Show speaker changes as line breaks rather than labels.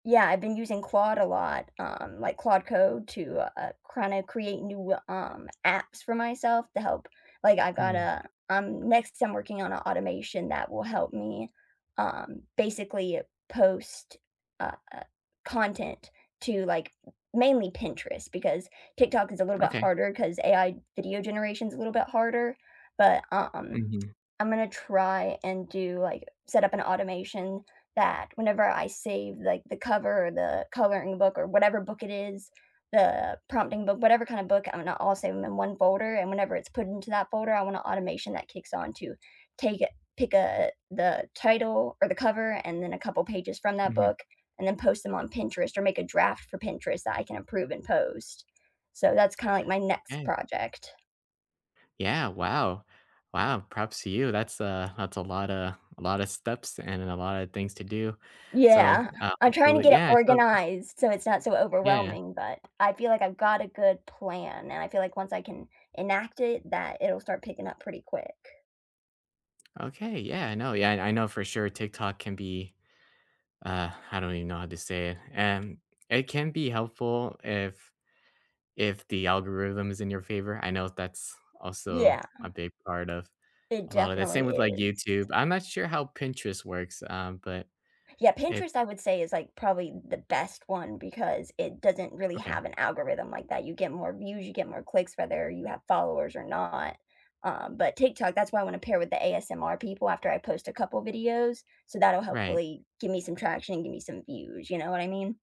Yeah, I've been using Claude a lot, um, like, Claude Code to, uh uh, kinda create new w um, apps for myself to help like, I got
Mm.
a um, next, I'm working on a automation that will help me, uh, basically post, uh uh, content to, like, m mainly Pinterest, because TikTok is a little bit
Okay.
harder, 'cause AI video generation is a little bit harder, but, um um,
Mhm.
I'm gonna try and do, like set up an automation that, whenever I save, like, the cover, or the coloring book, or whatever book it is, the prompting book whatever kind of book, I'm gonna all save 'em in one folder, and whenever it's put into that folder, I want a automation that kicks on to take it pick a the title, or the cover, and then a couple pages from that
Mhm.
book, and then post them on Pinterest, or make a draft for Pinterest that I can approve and post. So that's kinda, like, my next
Okay.
project.
Yeah, wow. Wow, props to you, that's, uh, that's a lotta a lotta steps, and a lotta things to do. So,
Yeah.
uh
I'm trying to
well,
get it
yeah, so
organized, so it's not so
Yeah.
overwhelming, but I feel like I've got a good plan, and I feel like once I can enact it that it'll start picking up pretty quick.
Okay, yeah, I know, yeah, and I know, for sure, TikTok can be uh, I don't even know how to say it. Um, It can be helpful if if the algorithm is in your favor. I know that's also
Yeah.
a big part of
It
a lot of the same
definitely
with, like,
is.
YouTube. I'm not sure how Pinterest works, um, but
Yeah.
it
Pinterest, I would say is, like, probably th the best one, because it doesn't really
Okay.
have an algorithm like that; you get more views, you get more clicks whether you have followers or not, um, but TikTok that's why I wanna pair with the ASMR people after I post a couple videos. So that'll
Right.
hopefully give me some traction and give me some views, you know what I mean?